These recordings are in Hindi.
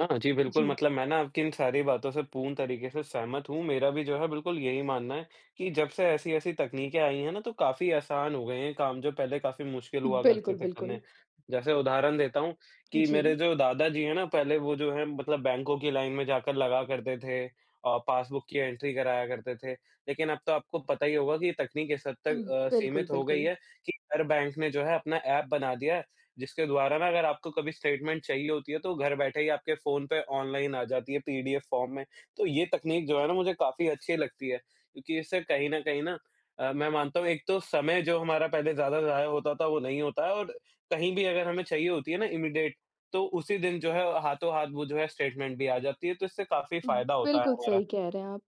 हाँ जी, बिल्कुल जी। मतलब मैं ना आपकी इन सारी बातों से पूर्ण तरीक़े से सहमत हूँ, मेरा भी जो है बिल्कुल यही मानना है कि जब से ऐसी-ऐसी तकनीके आई हैं ना, तो काफ़ी आसान हो गए हैं काम जो पहले काफ़ी मुश्किल हुआ करते बिल्कुल, थे बिल्कुल। करने। जैसे उदाहरण देता हूँ, कि मेरे जी। जो दादाजी हैं ना पहले वो जो हैं मतलब बैंकों की लाइन में जाकर लगा करते थे अ, पासबुक की एंट्री कराया करते थे। लेकिन अब तो आपको पता ही होगा कि ये तकनीक इस हद उम, तक अ, बिल्कुल, सीमित हो गई बिल्कुल। है, कि हर बैंक ने जो है अपना एप बना दिया है, जिसके द्वारा ना अगर आपको कभी स्टेटमेंट चाहिए होती है, तो घर बैठे ही आपके फोन पे ऑनलाइन आ जाती है पीडीएफ़ फॉर्म में। तो ये तकनीक जो है ना मुझे काफ़ी अच्छी लगती है, क्योंकि इससे कहीं न कहीं ना अ, मैं मानता हूँ एक तो समय जो हमारा पहले ज़्यादा ज़ाया होता था, वो नहीं होता है और कहीं भी अगर हमें चाहिए होती है ना इमीडिएट तो उसी दिन जो है हाथों-हाथ वो जो है स्टेटमेंट भी आ जाती है, तो इससे काफ़ी फायदा होता है बिल्कुल, हमारा। सही कह रहे हैं आप।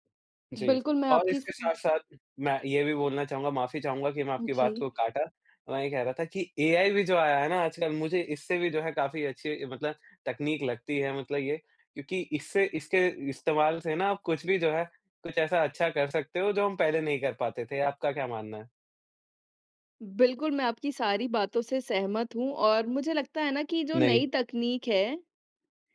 जी, बिल्कुल मैं और आपकी इस इसके साथ-साथ मैं ये भी बोलना चाहूँगा माफी चाहूँगा कि मैं आपकी बात जी। को काटा। मैं ये कह रहा था कि एआई भी जो आया है ना आजकल मुझे इससे भी जो है काफ़ी अच्छी मतलब तकनीक लगती है मतलब ये, क्योंकि इससे इसके इस्तेमाल से ना कुछ भी जो है, कुछ ऐसा अच्छा कर सकते हो जो हम पहले नहीं कर पाते थे। आपका क्या मानना है? बिल्कुल मैं आपकी सारी बातों से सहमत हूँ और मुझे लगता है ना कि जो नहीं। नई तकनीक है,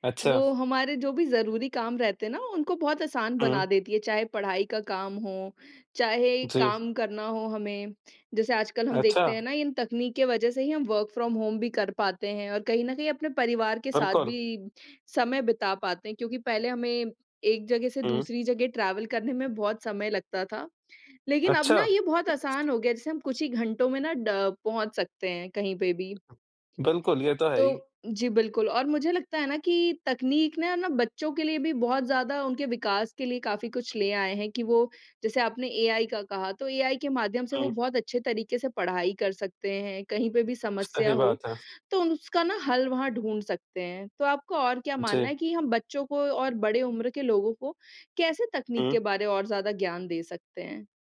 अच्छा। वो हमारे जो भी ज़रूरी काम रहते हैं ना, उनको बहुत आसान बना हुँ। देती है, चाहे पढ़ाई का काम हो, चाहे जी। काम करना हो हमें। जैसे आजकल हम देखते हैं अच्छा। ना, इन तकनीक के वजह से ही हम वर्क फ्रॉम होम भी कर पाते हैं और कहीं न कहीं अपने परिवार के साथ बिल्कुल। भी समय बिता पाते हैं, क्योंकि पहले हमें एक जगह से हुँ। दूसरी जगह ट्रैवल करने में बहुत समय लगता था। लेकिन अब अच्छा। ना ये बहुत आसान हो गया, जैसे हम कुछ ही घंटों में ड पहुँच सकते हैं कहीं पे भी। बिल्कुल, ये तो है ही। तो जी, बिल्कुल और मुझे लगता है ना कि तकनीक ने है ना, बच्चों के लिए भी बहुत ज़्यादा उनके विकास के लिए काफ़ी कुछ ले आए हैं कि वो जैसे आपने एआई का कहा तो एआई के माध्यम से वो हुँ। बहुत अच्छे तरीक़े से पढ़ाई कर सकते हैं। कहीं पे भी समस्या सही हो, बात है। तो उन सका ना हल वहाँ ढूँढ़ सकते हैं, तो आपको और क्या मानना जी। है कि हम बच्चों को और बड़े उम्र के लोगों को कैसे तकनीक के हुँ। बारे और ज़्यादा ज्ञान दे सकते हैं?